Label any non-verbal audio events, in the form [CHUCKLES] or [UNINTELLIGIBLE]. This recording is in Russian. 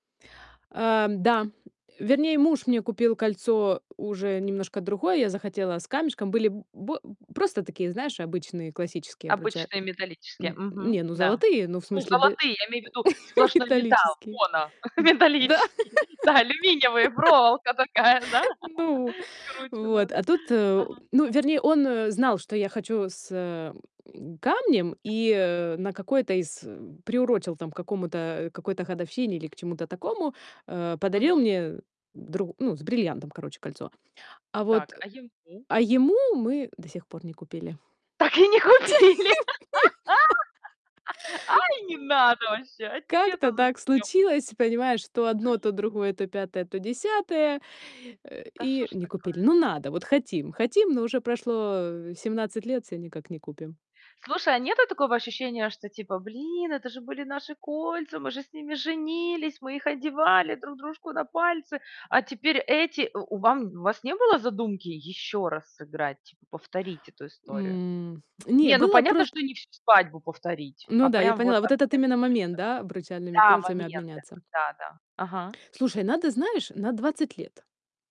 Эм, да. Вернее, муж мне купил кольцо уже немножко другое. Я захотела с камешком. Были б бэ просто такие, знаешь, обычные классические обруча Обычные а, металлические. н Мгм, не, ну, да. золотые, ну, в Ну смысле бе золотые. Я имею в виду [CHUCKLES] сплошной металл, металлические. моно, М. Да. металлические. Да, алюминиевые, проволока такая, да, [LAUGHS] Ну, скрученная, вот, да. а тут, э, Ага. ну, вернее, он, э, знал, что я хочу с, э, [GRUNTS] камнем Я и, обычно одна. э, на какой-то из, э, приурочил там к какому-то, э, какой-то годовщине или к чему-то такому, э, подарил Мгм. мне дру ну, с бриллиантом, короче, кольцо. А вот, Так, э а ему? а ему мы до сих пор не купили. Так и не Ц [UNINTELLIGIBLE] нет, да. купили. А, и не надо вообще. Ну. А Как-то тебе-то так зачем? случилось, понимаешь, то одно, то другое, то пятое, то десятое, э. Да что И ж не купили. такое. Ну надо, вот хотим хотим, но уже прошло, э, 17 лет, всё никак не купим. Слушай, а нету такого ощущения, что типа: "Блин, это же были наши кольца, мы же с ними женились, мы их одевали друг дружку на пальцы, а теперь эти" у у вам у вас не было задумки ещё раз сыграть, типа, повторить эту историю? М, [TSK] не, Не, ну, было понятно, просто что не всю свадьбу повторить, Ну а да, я прям вот поняла, вот этот обмен именно кольцами. момент, да, обручальными Да, кольцами момент обменяться. этот, да-да. Ага. Слушай, надо, знаешь, на 20 лет.